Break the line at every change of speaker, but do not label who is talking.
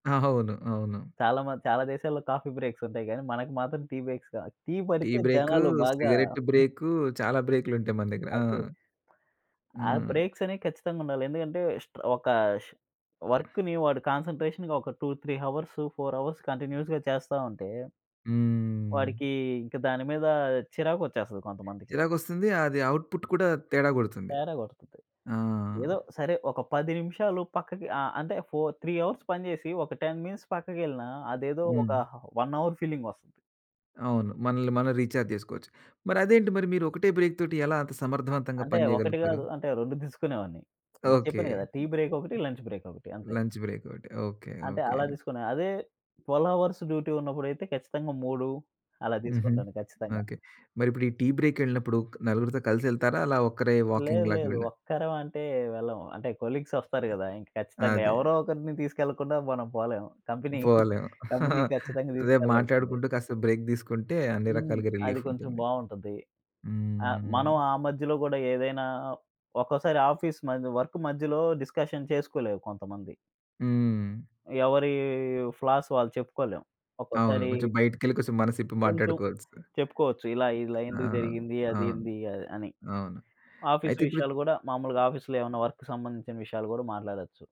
అవును. అవును.
చాలా మంది చాలా దేశాల్లో కాఫీ బ్రేక్సుంటాయి గానీ మనకు మాత్రం టీ బ్రేక్స్ కావ టీ
టీ
పడితే
బ్రేకు,
జనాలు బాగా
సిగరెట్టు బ్రేకు చాలా బ్రేకులుంటాయి మన దగ్గర. ఆ!
అదే. ఆ
హ్మ్.
బ్రేక్సనేయి ఖచ్చితంగుండాలి. ఎందుకంటే స్టా ఒక ష్ వర్క్‌ని వాడు కాన్సంట్రేషన్‌గా ఒక 2, 3 హవర్సు 4 అవర్స్ కంటిన్యూయస్‌గా చేస్తా ఉంటే...
హ్మ్.
వాడికి ఇంకా దాని మీద చిరాకొచ్చేస్తది కొంతమందికి.
చిరాకొస్తుంది. అది అవుట్‌పుట్ కూడా తేడా కొడుతుంది.
తేడా కొడతది.
ఆ!
ఏదో సరే ఒక 10 నిమిషాలు పక్కకి ఆహ్, అంటే ఫోర్ త్రీ అవర్స్ పనిచేసి ఒక 10 మినిట్స్ పక్కకెళ్ళినా అదేదో ఒక
హ్మ్.
హ 1 అవర్ ఫీలింగొస్తది.
అవును. మనల్ని మనం రీచార్జేసుకోవచ్చు. మరదేంటి మరి మీరు ఒకటే బ్రేక్ తోటి ఎలా అంత సమర్థవంతంగా
అంటే
పని
ఒకటి
జేయగలుగుతారు?
కాదు. అంటే 2 తీసుకునేవాడ్ని.
ఓకే.
చెప్పాను కదా! టీ బ్రేకొకటి, లంచ్ బ్రేకొకటి అంతే.
లంచ్ బ్రేకోటి ఓకే.
అంటే
ఓకే.
అలా తీసుకునే, అదే 12 హవర్స్ డ్యూటీ ఉన్నప్పుడైతే ఖచ్చితంగా 3 అలా
హుహు.
తీసుకుంటాను ఖచ్చితంగా.
ఓకే. మరిప్పుడు ఈ టీ బ్రేకెళ్ళినప్పుడు క్ నలుగురితో కలిసి యెళ్తారా? అలా ఒక్కరే
లేదు,
వాకింగ్‌లాగా
లేదు.
వెళ్ళా
ఒక్కరం అంటే వెళ్ళం. అంటే కొలీగ్సొస్తారు గదా! ఖచ్చితంగా
అదే.
ఎవరో ఒకరిని తీసుకెళ్ళకుండా మనం పోలేము. కంపెనీ
పోలేము.
కంపెనీ ఖచ్చితంగా
రేపు
తీసుకెళ్ళాల్సిందే.
మాట్లాడుకుంటూ కాస్త బ్రేక్ దీసుకుంటే అన్ని
హ్మ్.
రకాలుగా
అది కొంచెం
రిలీఫుంటుంది.
బావుంటుంది. ఆహ్,
హ్మ్.
మనం ఆ మధ్యలో గూడా ఏదైనా ఒక్కోసారి ఆఫీస్ మ వర్క్ మధ్యలో డిస్కషన్ చేసుకోలేరు కొంతమంది.
హ్మ్.
ఎవరి ఫ్లాస్ వాళ్ళు చెప్పుకోలేం.
అవును.
ఒక్కోసారి
కొంచెం బయటికెళ్ళి కొసం మనసిప్పి
కొంచెం
మాట్లాడుకోవాల్సింది.
చెప్పుకోవచ్చు. ఇలా, ఇలా
ఆ!
ఎందుకు జరిగింది? అది
అవును.
ఏంది అని.
అవును.
ఆఫీస్
అయితే ఇప్పుడు
విషయాలు గూడా మామూలుగా ఆఫీస్‌లో ఏమన్నా వర్క్‌కి సంబంధించిన విషయాలు గూడా మాట్లాడొచ్చు.